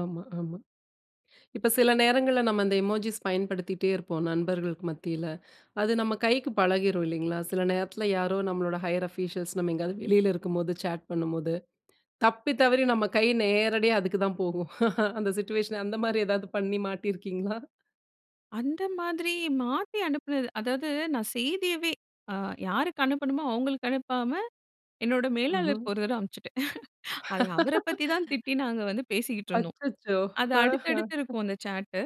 ஆமா, ஆமா. இப்ப சில நேரங்கள்ல நம்ம அந்த எமோஜிஸ் பயன்படுத்திகிட்டே இருப்போம். நண்பர்களுக்கு மத்தியில. அது நம்ம கைக்கு பழகிரும் இல்லேங்களா! சில நேரத்துல யாரோ நம்மளோட ஹையர் ஆஃபிஷியல்ஸ் நம்ம எங்கயாவது வெளில இருக்கும் போது சாட் பண்ணும்போது, தப்பி தவறி நம்ம கை நேரடியா அதுக்கு தான் போகும் அந்த சிட்யூயேஷன் அந்தமாரி எதாவது பண்ணி மாட்டிருக்கீங்களா? அந்த மாதிரி மாத்தி அனுப்பினது அதாவது நான் செய்தியவே அ யாருக்கு அனுப்பனும்மோ, அவுங்களுக்கு அனுப்பாம. என்னோட ம்ஹ்ம். மேலாளருக்கு ஒரு தடவ அனுப்பிச்சுட்டேன் அது அவரப் பத்தி தான் திட்டி நாங்க வந்து பேசிட்டு இருந்தோம். அச்சச்சோ! அது ஆஹ அடுத்தடுத்து இருக்கும் அந்த ஷாட்டு.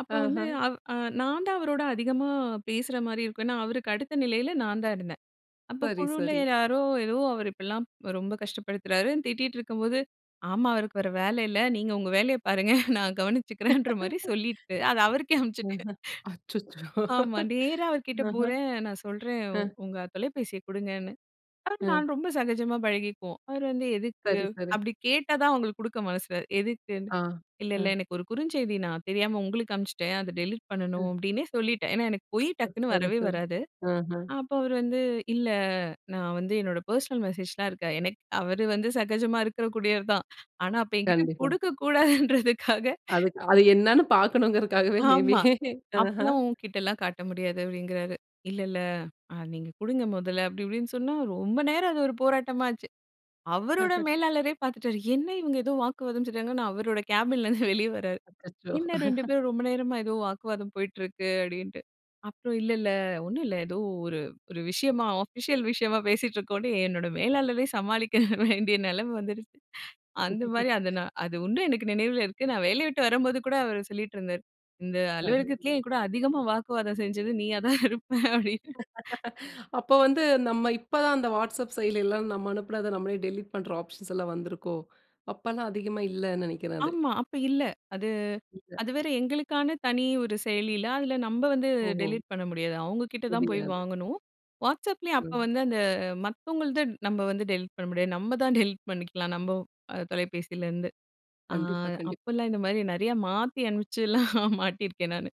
அப்போ வந்து ஆஹா! அவ் நான் தான் அவரோட அதிகமா பேசுறமாரி இருக்கும். ஏன்னா, அவருக்கு அடுத்த நிலையில நான் தான் இருந்தேன். அப்போ சரி, குழுவில சரி. யாரோ ஏதோ அவர் இப்பிடிலாம் ரொம்ப கஷ்டப்படுத்துறாரு திட்டிட்டு இருக்கும்போது, ஆமா அவருக்கு வர வேல இல்ல. நீங்க உங்க வேலைய பாருங்க நான் கவனிச்சுக்கிறேன்ற மாதிரி சொல்லிட்டு அத அவருக்கே அஹ, அனுப்பிச்சுட்டேன். அச்சச்சோ! ஆமா, நேரா அவர் கிட்ட ஆஹா! போறேன். நான் சொல்றேன் அ. "உங்க தொலைபேசிய குடுங்கன்னு." அவர் அ. நான் ரொம்ப சகஜமா பழகிக்குவோம். அவர் வந்து "எதுக்கு?" சரி, சரி. அப்பிடி கேட்டா தான் அவுங்களுக்கு கொடுக்க மனசுல எதுக்குன்னு ஆ. "இல்ல, இல்ல அ. எனக்கு ஒரு குறுஞ்செய்தி நான் தெரியாம உங்களுக்கு அனுப்பிச்சுட்டேன். அத டெலிட் பண்ணணும்." அ. அப்பிடின்னே சொல்லிட்டேன். ஏன்னா, எனக்கு பொய் டக்குன்னு சரி, வரவே சரி. வராது. ஆஹ. அப்போ அவரு வந்து இல்ல நான் வந்து என்னோட பெர்சனல் மெசேஜ் லாம் இருக்கு. எனக்கு அவரு வந்து சகஜமா இருக்க கூடியவர் தான். ஆனா அப்ப என்கிட்ட கண்டிப்பா. குடுக்க கூடாதுன்றதுக்காக அதுக்கு அது என்னன்னு பார்க்கணும்ங்கறதுக்காகவே மேபி ஆமா. ஆஹ அப்புட்லாம் உன்கிட்ட எல்லாம் காட்ட முடியாது அப்பிடிங்கறாரு. "இல்ல, இல்ல அ நீங்க குடுங்க முதல்ல" அப்பிடி இப்படின்னு சொன்னா, ரொம்ப நேரம் அது ஒரு போராட்டமா ஆச்சு. அவருடைய ஆஹ. மேலாளரே பார்த்துட்டாரு. என்ன இவங்க ஏதோ வாக்குவாதம் செய்றாங்க நான் அவரோட கேபின் ல இருந்து வெளியே வர்றாரு. அச்சச்சோ! "என்ன 2 பேரும் ரொம்ப நேரமா ஏதோ வாக்குவாதம் போயிட்டு இருக்கு" அப்பிடின்ட்டு. அப்புறம் "இல்ல, இல்ல 1 ம் இல்ல ஏதோ ஒரு, ஒரு விஷயமா அஃபிஷியல் விஷயமா பேசிட்டு இருக்கோன்னு." என்னோட மேலாளரே சமாளிக்க வேண்டிய நிலைமை வந்துருச்சு அந்தமாரி அது நான் அது உண்டு எனக்கு நினைவில இருக்கு. நான் வேலைய விட்டு வரும்போது கூட அவரு சொல்லிட்டு இருந்தாரு. "இந்த அது, அலுவலகத்திலேயே என்கூட அதிகமா வாக்குவாதம் செஞ்சது நீயா தான் இருப்பேன்." அப்பிடின்னு அப்போ வந்து, நம்ம இப்போ தான் அந்த வாட்ஸ்அப் செயலி எல்லாம் நாம் அனுப்புறத நம்மளே டெலிட் பண்ற ஆப்ஷன்ஸ் லாம் வந்து இருக்கோ! அப்பல்லாம் அதிகமா இல்லன்னு நினைக்கிறேன் அது. ஆமா, அப்ப இல்ல. அது இல்ல. அது வேற எங்களுக்கான தனி ஒரு செயலி இல்ல. அதில நம்ம வந்து ஓஹோ! டெலீட் பண்ண முடியாது. அவுங்க கிட்ட தான் போய் முடியாது. வாங்கணும். வாட்ஸ்அப்லேயும் அப்ப ம். வந்து அந்த மத்தவங்கள்து நம்ம வந்து டெலீட் பண்ண முடியாது. நம்ம தான் டெலீட் பண்ணிக்கலாம். நம்ம அ தொலைபேசிலேருந்து. அ கண்டிப்பா, கண்டிப்பா. அப்போல்லாம் இந்தமாரி நிறையா மாத்தி அனுப்பிச்சுலாம் மாட்டியிருக்கேன். நானு